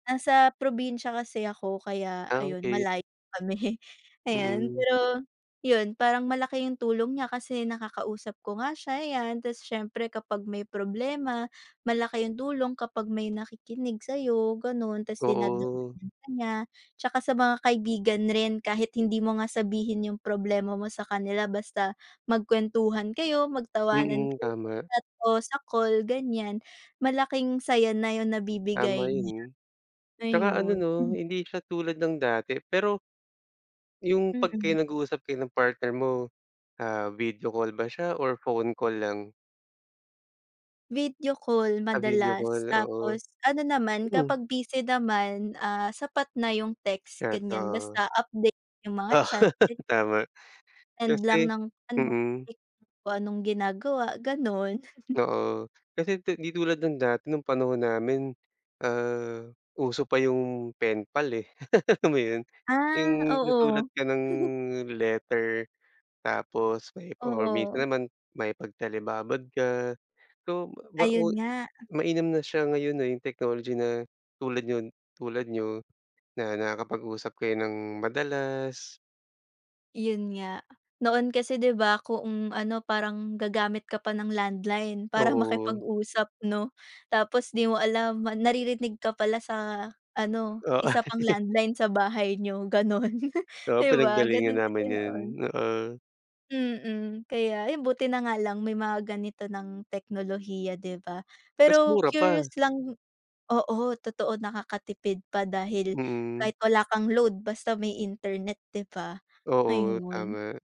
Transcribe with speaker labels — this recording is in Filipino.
Speaker 1: Nasa probinsiya kasi ako kaya
Speaker 2: Ah,
Speaker 1: ayun
Speaker 2: okey.
Speaker 1: malayo kami ayan.
Speaker 2: Mm.
Speaker 1: Pero yun, parang malaki yung tulong niya kasi nakakausap ko nga siya, ayan, tapos siyempre kapag may problema malaki yung tulong kapag may nakikinig sa'yo, ganun. Tapos
Speaker 2: Oo.
Speaker 1: [unintelligible] niya tsaka sa mga kaibigan rin kahit hindi mo nga sabihin yung problema mo sa kanila, basta magkuwentuhan kayo, magtawanan
Speaker 2: Mm,
Speaker 1: kayo, sa
Speaker 2: tama.
Speaker 1: chat o sa call ganiyan malaking saya na yung
Speaker 2: Tama
Speaker 1: nabibigay niya,
Speaker 2: yun, tsaka ano
Speaker 1: ayun.
Speaker 2: 'no, hindi siya tulad ng dati. Pero Yung 'pag kayo
Speaker 1: Mm.
Speaker 2: nag-uusap kayo ng partner mo, ah, video call ba siya or phone call lang?
Speaker 1: Video call,
Speaker 2: Sa video
Speaker 1: madalas
Speaker 2: call, oo.
Speaker 1: tapos ano naman
Speaker 2: Mm.
Speaker 1: kapag busy naman, ah, sapat na yung text ganiyan,
Speaker 2: Totoo.
Speaker 1: basta update yung mga chat ganyan.
Speaker 2: Tama,
Speaker 1: End lang
Speaker 2: kasi
Speaker 1: ng ano
Speaker 2: Mm.
Speaker 1: [unintelligible] kung anong ginagawa ganun.
Speaker 2: Oo, kasi ti di tulad ng dati nung panahon namin ah, uso pa yung pen pal eh, alam mo yun?
Speaker 1: Ah,
Speaker 2: Yung susulat
Speaker 1: oo.
Speaker 2: ka ng letter tapos may or minsan
Speaker 1: Oo.
Speaker 2: naman makipag-telebabad ka, so ba ba
Speaker 1: Ayun nga.
Speaker 2: mainam na siya ngayon na yung technology na tulad niyon tulad niyo na nakakapag-usap kayo ng madalas.
Speaker 1: Yun nga. Noon kasi 'di ba, kung ano parang gagamit ka pa ng landline para
Speaker 2: Oo.
Speaker 1: makipag-usap 'no, tapos 'di mo alam ma naririnig ka pala sa ano
Speaker 2: Oh.
Speaker 1: isa pang landline sa bahay niyo ganun,
Speaker 2: Oo,
Speaker 1: di ba,
Speaker 2: pinaggalingan
Speaker 1: ganun kasi
Speaker 2: namin yun,
Speaker 1: noon.
Speaker 2: oo.
Speaker 1: Mm, kaya ayun buti na nga lang may mga ganito ng teknolohiya, 'di ba?
Speaker 2: Tas
Speaker 1: Pero
Speaker 2: mura
Speaker 1: curious
Speaker 2: pa.
Speaker 1: lang, oo, totoo nakakatipid pa dahil
Speaker 2: Mm.
Speaker 1: kahit wala kang load basta may internet, 'di ba,
Speaker 2: Oo,
Speaker 1: ayun.
Speaker 2: tama.